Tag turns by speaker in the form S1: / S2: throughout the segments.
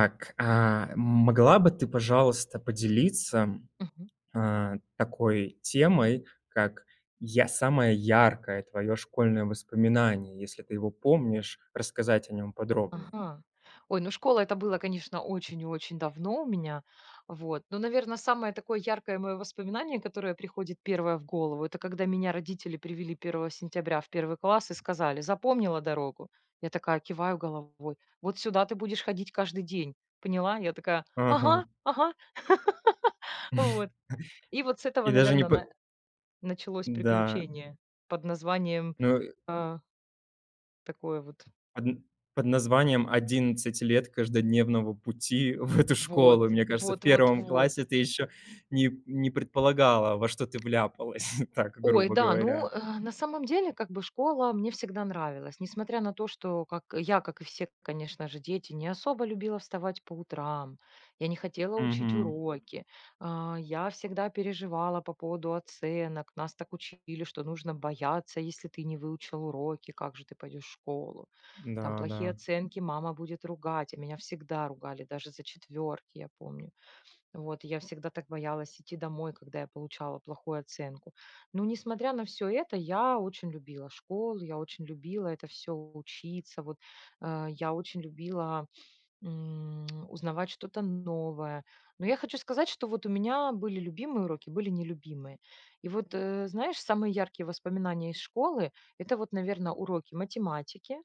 S1: Так, а, могла бы ты, пожалуйста, поделиться,
S2: Мгм.
S1: э, такой темой, как я самое яркое твое школьное воспоминание, если ты его помнишь, рассказать о нём подробнее?
S2: Ага. Ой, ну школа это было, конечно, очень и очень давно у меня, вот. Но, наверно, самое такое яркое мое воспоминание, которое приходит 1 в голову это когда меня родители привели 1 сентября в 1 класс и сказали: "Запомнила дорогу?" Я такая киваю головой: "Вот сюда ты будешь ходить каждый день! Поняла?" Я такая: "Ага,
S1: Ага.
S2: ага." Вот. И вот с этого,
S1: И даже не
S2: наверное,
S1: под
S2: на началось
S1: Да.
S2: приключение под названием,
S1: Ну и
S2: а такое вот.
S1: Одн под названием "11 лет каждодневного пути в эту
S2: Вот.
S1: школу". Мне кажется, в 1
S2: Вот-вот-вот.
S1: классе ты еще не не предполагала, во что ты вляпалась, так
S2: Ой,
S1: грубо
S2: да. Ну,
S1: говоря.
S2: э, на самом деле, как бы, школа мне всегда нравилась. Несмотря на то, что как я, как и все, конечно же, дети не особо любила вставать по утрам, я не хотела учить
S1: Мгм.
S2: уроки, а, я всегда переживала по поводу оценок. Нас так учили, что нужно бояться, если ты не выучил уроки, как же ты пойдешь школу. Там
S1: Да,
S2: плохие
S1: да.
S2: оценки мама будет ругать, а меня всегда ругали, даже за 4, я помню. Вот я всегда так боялась идти домой, когда я получала плохую оценку. Но, несмотря на всё это, я очень любила школу, я очень любила это всё учиться, вот, э, я очень любила, м, узнавать что-то новое. Но я хочу сказать, что вот у меня были любимые уроки, были нелюбимые. И вот, э, знаешь, самые яркие воспоминания из школы это вот, наверное, уроки математики,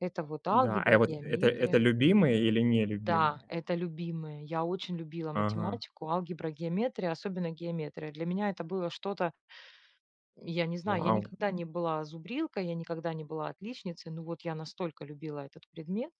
S2: это вот
S1: Да, а я
S2: алгебра,
S1: вот, это это
S2: геометрия.
S1: любимые или не
S2: Да,
S1: любимые?
S2: это любимые. Я очень любила
S1: Ага.
S2: математику, алгебра, геометрия, особенно геометрия. Для меня это было что-то Я не знаю, я
S1: Вау!
S2: никогда не была зубрилкой, я никогда не была отличницей, но вот я настолько любила этот предмет.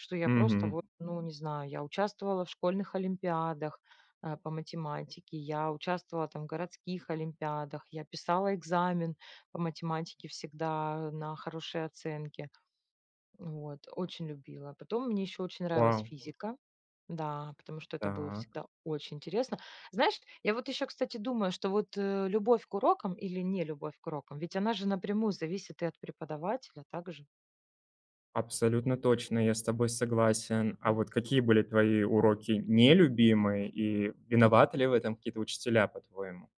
S2: Что я просто
S1: Мгм.
S2: вот, ну не знаю, я участвовала в школьных олимпиадах, э, по математике, я участвовала там в городских олимпиадах, я писала экзамен по математике всегда на хорошие оценки. Вот, очень любила. Потом мне еще очень нравилась
S1: Вау!
S2: физика, да, потому что это было
S1: Так.
S2: всегда очень интересно. Знаешь, я вот еще, кстати, думаю, что вот, э, любовь к урокам или нелюбовь к урокам, ведь она же напрямую зависит и от преподавателя также.
S1: Абсолютно точно, я с тобой согласен. А вот какие были твои уроки нелюбимые, и
S2: Мгм.
S1: виноваты ли в этом какие-то учителя, по-твоему?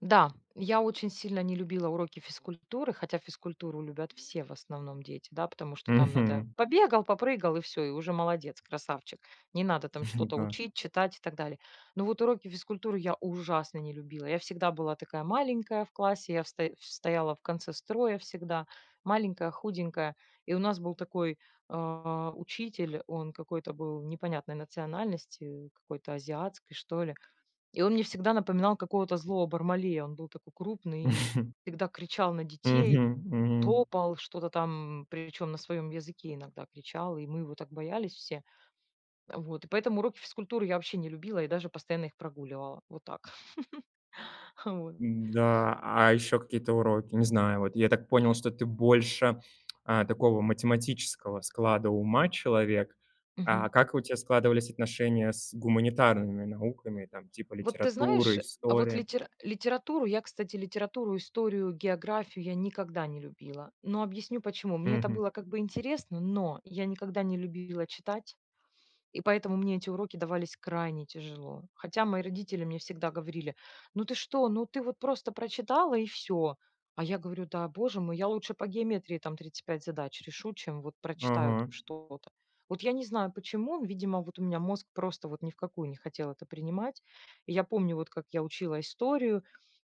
S2: Да. Я очень сильно не любила уроки физкультуры, хотя физкультуру любят все, в основном дети, да, потому что там надо:
S1: Мгм.
S2: побегал, попрыгал, и всё. И уже молодец, красавчик. Не надо там что-то
S1: Да.
S2: учить, читать и так далее. Но вот уроки физкультуры я ужасно не любила. Я всегда была такая маленькая в классе, я в стоя стояла в конце строя всегда. Маленькая, худенькая. И у нас был такой, а, учитель, он какой-то был непонятной национальности, какой-то азиатской, что ли. И он мне всегда напоминал какого-то злого Бармалея. Он был такой крупный, всегда кричал на детей,
S1: Мгм, мгм.
S2: топал, что-то там, причем на своем языке иногда кричал, и мы его так боялись все. Э, вот, и поэтому уроки физкультуры я вообще не любила и даже постоянно их прогуливала. Вот так. Хавой
S1: Да, а еще какие-то уроки, не знаю, вот я так понял, что ты больше, э, такого математического склада ума человек. А
S2: Мгм.
S1: как у тебя складывались отношения с гуманитарными науками там, типа,
S2: Вот ты знаешь,
S1: литературы,
S2: э, а вот
S1: истории?
S2: литера литературу я, кстати, литературу, историю, географию- я никогда не любила, но объясню почему. Мне это
S1: Мгм.
S2: было как бы интересно, но я никогда не любила читать, и поэтому мне эти уроки давались крайне тяжело. Хотя мои родители мне всегда говорили: "Ну, ты что? Ну, ты вот просто прочитала и всё!" А я говорю: "Да, боже мой, я лучше по геометрии там 35 задач решу, чем вот прочитаю там
S1: Ага.
S2: что-то". Вот я не знаю почему, видимо, вот у меня мозг просто вот ни в какую не хотел это принимать. Я помню вот, как я учила историю,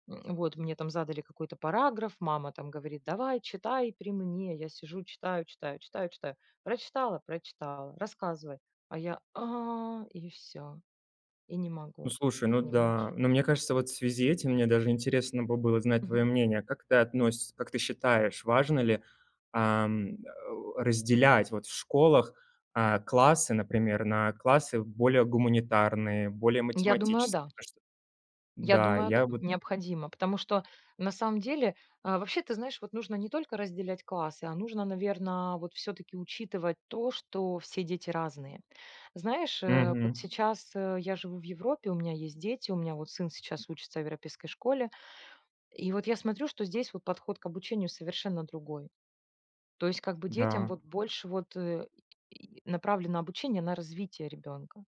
S2: м, вот мне там задали какой-то параграф, мама там говорит: "Давай! Читай при мне!" Я сижу читаю, читаю, читаю, читаю. "Прочитала? Прочитала. Рассказывай!" А я: "А"- и всё, и не
S1: Ну,
S2: могу.
S1: слушай, ну
S2: Понимаешь?
S1: да. Но мне кажется, вот в связи этим мне даже интересно бы было знать твое
S2: Мгм.
S1: мнение. А как ты относь как ты считаешь, важно ли, ам, э, разделять вот в школах, э, классы, например, на классы более гуманитарные, более
S2: Я думаю,
S1: математические,
S2: да.
S1: да что
S2: Я
S1: Да,
S2: думаю,
S1: я
S2: да.
S1: вот
S2: Необходимо. Потому что на самом деле А вообще, ты знаешь, вот нужно не только разделять классы, а нужно, наверное, вот всё-таки учитывать то, что все дети разные. Знаешь, э, вот
S1: Мгм.
S2: сейчас, э, я живу в Европе, у меня есть дети, у меня вот сын сейчас учится в европейской школе, и вот я смотрю, что здесь вот подход к обучению совершенно другой. То есть как бы детям
S1: Да.
S2: вот больше вот, э, направлено обучение на развитие ребенка: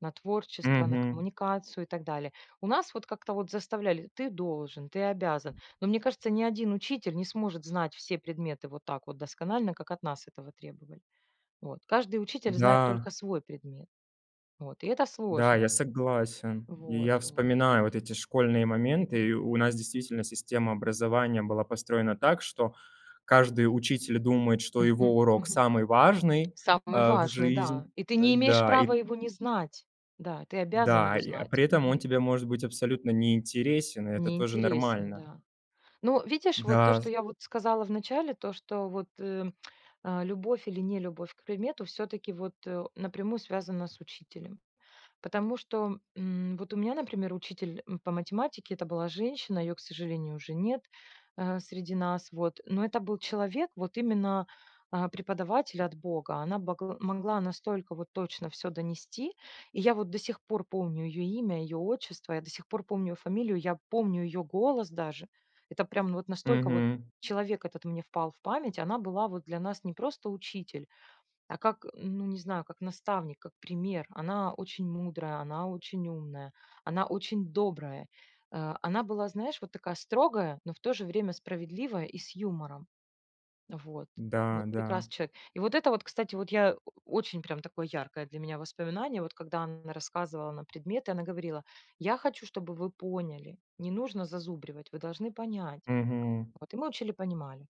S2: на творчество, на
S1: Мгм.
S2: коммуникацию и так далее. У нас вот как-то вот заставляли: "Ты должен, ты обязан". Но мне кажется, ни один учитель не сможет знать все предметы вот так вот досконально, как от нас этого требовали. Вот. Каждый учитель знает
S1: Да.
S2: только свой предмет. Вот, и это
S1: Да,
S2: сложно.
S1: я согласен. И
S2: Вот,
S1: я
S2: вот.
S1: вспоминаю вот эти школьные моменты, и у нас действительно система образования была построена так, что каждый учитель думает, что его
S2: Мгм,
S1: урок
S2: мгм.
S1: самый важный,
S2: Самый
S1: э, в
S2: важный,
S1: жизнь
S2: да. И ты
S1: э,
S2: не имеешь
S1: да и
S2: права его не знать. Да, ты обязан его
S1: Да, и, э,
S2: знать.
S1: при этом он
S2: Мгм.
S1: тебе может быть абсолютно неинтересен, и это
S2: Не
S1: тоже
S2: интересен,
S1: нормально.
S2: да. Но видишь, вот то,
S1: Да.
S2: что я вот сказала в начале, то, что вот, э, а, любовь или нелюбовь к предмету всё-таки вот напрямую связана с учителем. Потому что, м, вот у меня, например, учитель, м, по математике- это была женщина, ее, к сожалению, уже нет, э, среди нас, вот. Но это был человек вот именно, а, преподаватель от бога. Она богл могла настолько вот точно всё донести, и я вот до сих пор помню ее имя и ее отчество, я до сих пор помню её фамилию, я помню ее голос даже. Это прям вот настолько вот
S1: Мгм.
S2: человек этот мне впал в память. Она была вот для нас не просто учитель, а как, м, ну, не знаю, как наставник, как пример. Она очень мудрая, она очень умная, она очень добрая. Э, она была, знаешь, вот такая строгая, но в то же время справедливая и с юмором. Вот.
S1: Да,
S2: Вот
S1: да.
S2: прекрасный человек! И вот это вот, кстати, вот я о очень прям такое яркое для меня воспоминание, вот когда н рассказывала нам предметы, она говорила: "Я хочу, чтобы вы поняли: не нужно зазубривать, вы должны понять".
S1: Мгм.
S2: Вот, и мы учили, понимали.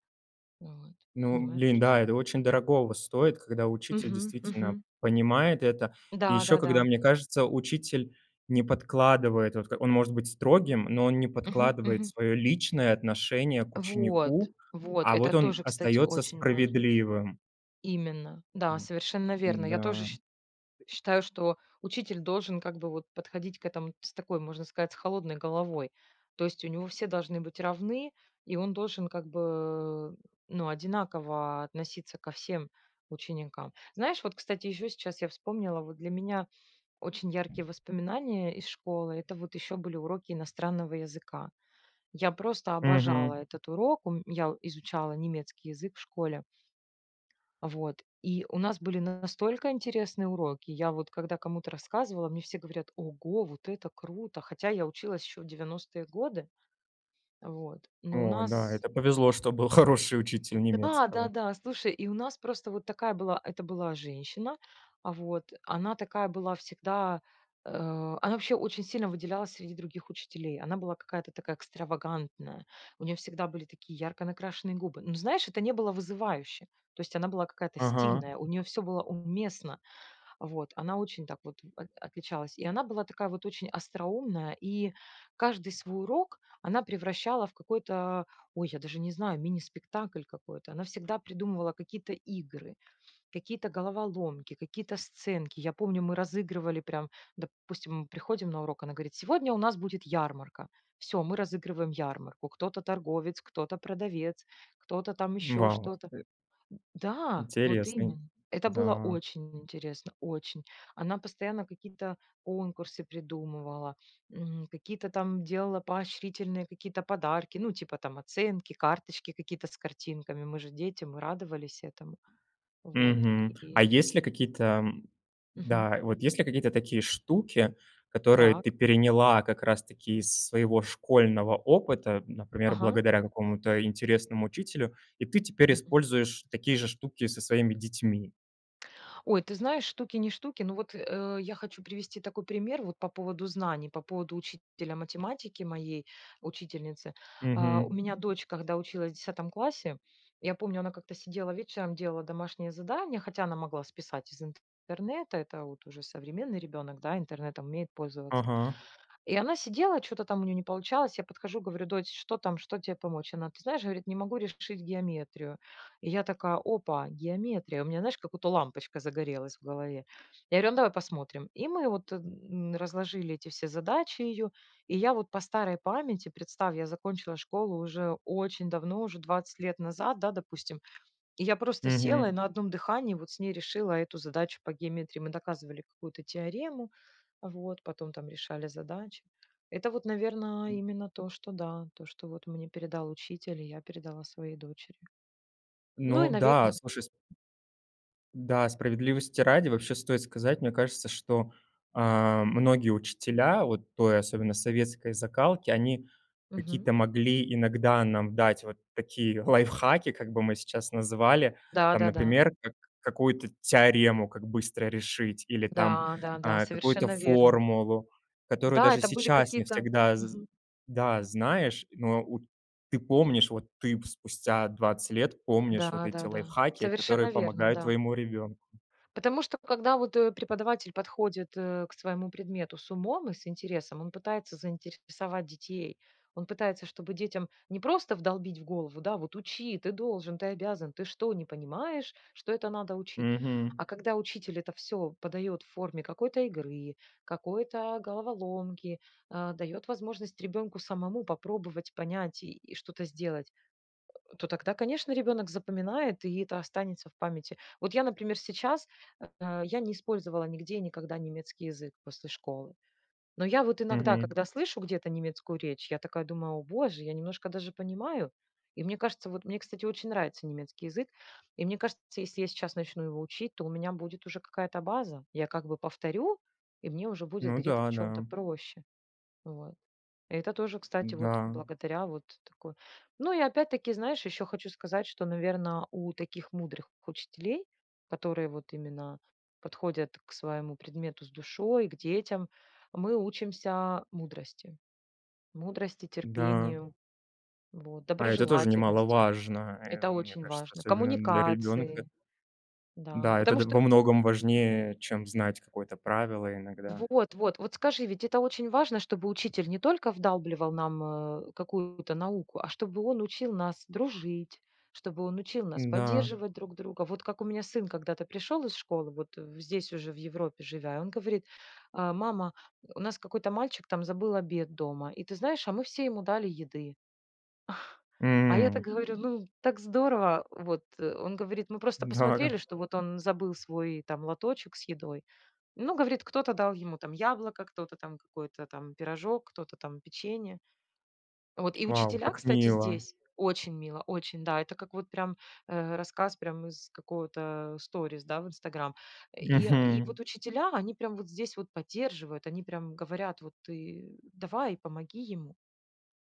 S2: Вот.
S1: Ну,
S2: Понимаешь?
S1: блин, да, это очень дорогого стоит, когда учитель
S2: Мгм
S1: действительно
S2: мгм.
S1: понимает это, и еще когда,
S2: Да-да-да.
S1: мне кажется, учитель не подкладывает, вот к он может быть строгим, но он не
S2: Мгм,
S1: подкладывает
S2: мгм.
S1: свое личное отношение к
S2: Вот,
S1: ученику,
S2: вот.
S1: а вот
S2: Это
S1: он
S2: тоже, кстати,
S1: остается
S2: очень важно.
S1: справедливым.
S2: Именно. Да, совершенно верно. Я тоже
S1: Да.
S2: ш считаю, что учитель должен как бы вот подходить к этому ц такой, можно сказать, с холодной головой. То есть у него все должны быть равны и он должен как бы, ну, одинаково относиться ко всем ученикам. Знаешь, вот, кстати, еще сейчас я вспомнила, вот для меня очень яркие воспоминания из школы- это вот еще были уроки иностранного языка. Я просто обожала
S1: Мгм.
S2: этот урок. Ум Я изучала немецкий язык в школе. Вот. И у нас были настолько интересные уроки. Я вот когда кому-то рассказывала, мне все говорят: "Ого, вот это круто!" Хотя я училась еще в 90-ые годы. Вот. Но у
S1: О
S2: нас
S1: да. Это повезло, что был хороший учитель
S2: Д да,
S1: немецкого.
S2: да-да. Слушай, и у нас просто вот такая была Это была женщина, вот, она такая была всегда, э, она вообще очень сильно выделялась среди других учителей. Она была какая-то такая экстравагантная. У нее всегда были такие ярко накрашенные губы. Но знаешь, это не было вызывающе. То есть она была какая-то
S1: Ага.
S2: стильная, у нее все было уместно. Вот. Она очень так вот от отличалась, и она была такая вот очень остроумная, и каждый свой урок она превращала в какой-то, ой, я даже не знаю, мини-спектакль какой-то. Она всегда придумывала какие-то игры, какие-то головоломки, какие-то сценки. Я помню, мы разыгрывали прям, допустим, приходим на урок, она говорит: "Сегодня у нас будет ярмарка". Всё, мы разыгрываем ярмарку: кто-то торговец, кто-то продавец, кто-то там еще
S1: Вау,
S2: что-то.
S1: э
S2: М-да! Вот
S1: Интересный.
S2: именно. Это было
S1: Да.
S2: очень интересно, очень. Она постоянно какие-то конкурсы придумывала, м, какие-то там делала поощрительные какие-то подарки: ну, типа там оценки, карточки какие-то с картинками. Мы же дети, мы радовались этому. Вот.
S1: Мгм. А есть ли какие-то, м
S2: Мгм.
S1: Да. Вот есть ли какие-то такие штуки, которые
S2: Так.
S1: ты переняла как раз-таки из своего школьного опыта, например,
S2: Ага.
S1: благодаря какому-то интересному учителю, и ты теперь
S2: Мгм.
S1: используешь такие же штуки со своими детьми?
S2: Ой, ты знаешь, штуки не штуки, но вот, э, я хочу привести такой пример вот по поводу знаний, по поводу учителя математики, моей учительницы. А, у
S1: Мгм.
S2: меня дочь, когда училась в 10 классе, я помню, она как-то сидела вечером, делала домашнее задание, хотя она могла списать из интернета, это вот уже современный ребенок, да, интернетом умеет пользоваться.
S1: Ага.
S2: И она сидела, чё-то там у нее не получалось, я подхожу говорю: "Дочь, что там, что тебе помочь?" Она, ты знаешь, говорит: "Не могу решить геометрию." И я такая: "Опа, геометрия!" У меня, знаешь, как-будто лампочка загорелась в голове. Я говорю: "Ну, давай посмотрим." И мы вот н разложили эти все задачи ее и я вот по старой памяти, представь, я закончила школу уже очень давно, уже 20 лет назад, да, допустим, и я просто села и
S1: Мгм.
S2: на одном дыхании вот с ней решила эту задачу по геометрии. Мы доказывали какую-то теорему, вот, потом там решали задачи. Это вот, наверное, именно то, что, да, то что вот мне передал учитель и я передала своей дочери. Ну,
S1: Ну
S2: и,
S1: да,
S2: наверное
S1: слушай, с Да, справедливости ради, вообще, стоит сказать, мне кажется, что, а, многие учителя вот той, особенно советской закалки- они
S2: Мгм.
S1: какие-то могли иногда нам дать, вот такие лайфхаки, как бы мы сейчас называли. Там,
S2: Да-да-да.
S1: например, как какую-то теорему как быстро решить или там,
S2: Да-да-да,
S1: а, какую-то
S2: совершенно верно.
S1: формулу, которую
S2: Да,
S1: даже
S2: это были
S1: сейчас не
S2: какие-то
S1: всегда з
S2: Мгм.
S1: да, знаешь, но у ты помнишь вот ты п спустя 20 лет помнишь вот эти
S2: Да-да-да.
S1: лайфхаки, которые
S2: Совершенно верно,
S1: помогают
S2: да.
S1: твоему ребенку.
S2: Потому что, когда вот, э, преподаватель подходит, э, к своему предмету с умом и с интересом, он пытается заинтересовать детей. Он пытается, чтобы детям не просто вдолбить в голову: "Да, вот учи! Ты должен! Ты обязан! Ты что, не понимаешь, что это надо учить?"
S1: Мгм.
S2: А когда учитель это всё подает в форме какой-то игры, какой-то головоломки, а, дает возможность ребенку самому попробовать, понять и и что-то сделать, э, то тогда, конечно, ребенок запоминает и это останется в памяти. Вот я, например, сейчас, а, я не использовала нигде и никогда немецкий язык после школы, но я вот иногда,
S1: Мгм.
S2: когда слышу где-то немецкую речь, я такая думаю: "О боже, я немножко даже понимаю." И мне кажется, вот, мне, кстати, очень нравится немецкий язык и, мне кажется, если я сейчас начну его учить, то у меня будет уже какая-то база. Я как бы повторю и мне уже будет
S1: Ну
S2: где-то в
S1: да,
S2: чём-то
S1: да.
S2: проще, вот. Это тоже, кстати, вот
S1: Да.
S2: благодаря вот такой Ну и опять-таки, знаешь, еще хочу сказать, что, наверное, у таких мудрых учителей, которые вот именно подходят к своему предмету с душой, к детям, мы учимся мудрости. Мудрости,
S1: Да.
S2: терпению, вот,
S1: А это тоже
S2: доброжелательности-
S1: немаловажно, э,
S2: это
S1: мне
S2: очень
S1: кажется,
S2: важно.
S1: особенно для ребенка.
S2: Коммуникации, да,
S1: Да, это
S2: потому
S1: д
S2: что
S1: во многом важнее, чем знать какое-то правило иногда.
S2: Вот-вот. Вот скажи, ведь это очень важно, чтобы учитель не только вдалбливал нам, э, какую-то науку, а чтобы он учил нас дружить, чтобы он учил нас
S1: Н-да.
S2: поддерживать друг друга. Вот как у меня сын когда-то пришел из школы, вот здесь уже в Европе живя, и он говорит: "А, мама, у нас какой-то мальчик там забыл обед дома и, ты знаешь, а мы все ему дали еды." А я так
S1: М.
S2: говорю: "Ну, так здорово, вот." Он говорит: "Мы просто
S1: Да.
S2: посмотрели, что вот он забыл свой там лоточек с едой." Ну, говорит: "Кто-то дал ему там яблоко, кто-то там какой-то там пирожок, кто-то там печенье." Вот и
S1: Вау,
S2: учителя,
S1: как
S2: кстати,
S1: мило.
S2: здесь Очень мило, очень. Да, это как вот прям, э, рассказ прям из какого-то сторис, да, в "Инстаграм". И и
S1: Мгм.
S2: вот учителя, они прямо вот здесь вот поддерживают, они прямо говорят: "Вот ты давай, помоги ему".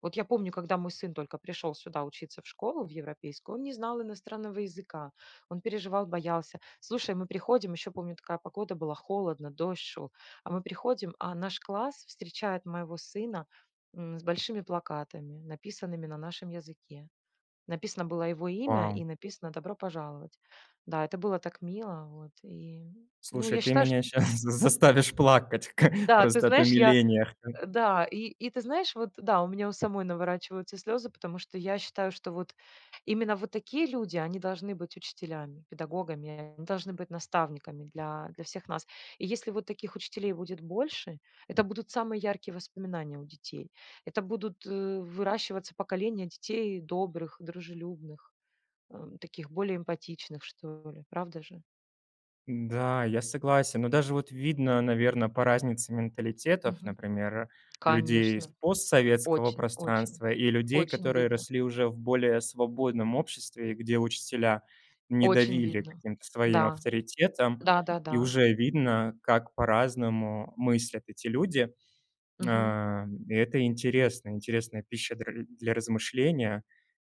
S2: Вот я помню, когда мой сын только пришел сюда учиться в школу, в европейскую, он не знал иностранного языка. Он переживал, боялся. Слушай, мы приходим, еще помню такая погода была: холодно, дождь шел. А мы приходим, а наш класс встречает моего сына, м, с большими плакатами, написанными на нашем языке. Написано было его имя
S1: Вау.
S2: и написано "Добро пожаловать". Да, это было так мило, вот, и Ну,
S1: Слушай,
S2: я
S1: ты
S2: считаю, шт
S1: меня щас з заставишь плакать к
S2: Да, ты
S1: просто от
S2: знаешь, я.
S1: умиления. [unintelligible]
S2: Э, да, и и, ты знаешь, вот, да, у меня у самой наворачиваются слезы, потому что, я считаю, что вот именно вот такие люди- они должны быть учителями, педагогами, они должны быть наставниками для для всех нас. И если вот таких учителей будет больше, это будут самые яркие воспоминания у детей. Это будут, э, выращиваться поколения детей добрых, дружелюбных, эм, таких более эмпатичных что ли. Правда же?
S1: Да, я согласен. Но даже вот видно, наверно, по разнице менталитетов,
S2: Мгм.
S1: например, людей из
S2: Конечно,
S1: постсоветского
S2: очень, очень,
S1: пространства и людей,
S2: очень
S1: которые
S2: видно.
S1: росли уже в более свободном обществе, где учителя не
S2: Очень
S1: давили
S2: видно.
S1: каким-то своим
S2: Да.
S1: авторитетом, и
S2: Да-да-да.
S1: уже видно, как по-разному мыслят эти люди.
S2: Мгм.
S1: А, и это интересно, интересная пища дря для размышления,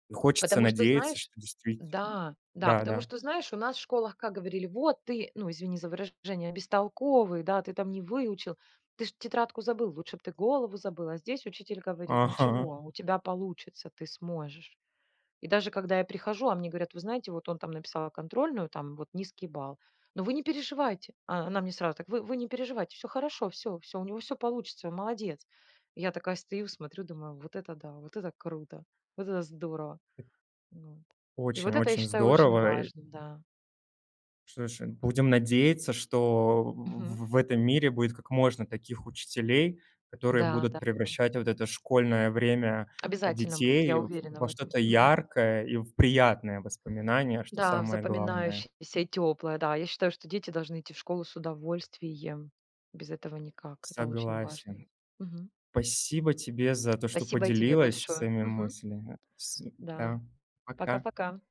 S1: и хочется
S2: Потому что,
S1: надеяться,
S2: знаешь,
S1: что действит
S2: да, да, потому
S1: Да-да.
S2: что, знаешь, у нас в школах как говорили: "Вот ты, ну, извини за выражение, бестолковый, да, ты там не выучил, ты ж тетрадку забыл, лучше бы ты голову забыл", а здесь учитель говорит:
S1: Ага.
S2: "Ничего, у тебя получится, ты сможешь". И даже когда я прихожу, а мне говорят: "Вы знаете, вот он там написал контрольную там вот низкий балл, но вы не переживайте!" О она мне сразу: "Вы вы не переживайте, всё хорошо, всё, всё у него всё получится, он молодец!" Я такая стою, смотрю, думаю: "Вот это да, вот это круто, вот это здорово!" Ну, вот. И
S1: Очень,
S2: вот это, я
S1: очень
S2: считаю, очень
S1: здорово, и
S2: важно, да.
S1: Слушай, будем надеяться, что
S2: Мгм.
S1: в в этом мире будет как можно таких учителей, которые
S2: Да,
S1: будут
S2: да, да.
S1: превращать вот это школьное время, а,
S2: Обязательно будет,
S1: детей,
S2: я
S1: в
S2: уверена в
S1: во
S2: этом.
S1: что-то
S2: Мгм.
S1: яркое и в приятные воспоминания, что
S2: Да,
S1: самое главное.
S2: запоминающееся и теплое. Да, я считаю, что дети должны идти в школу с удовольствием. Без этого никак, это очень важно.
S1: Согласен.
S2: Мгм.
S1: Спасибо тебе за то, что
S2: Спасибо и тебе
S1: поделилась
S2: большое.
S1: своими
S2: Мгм.
S1: мыслями с
S2: Да.
S1: да, пока.
S2: Пока-пока.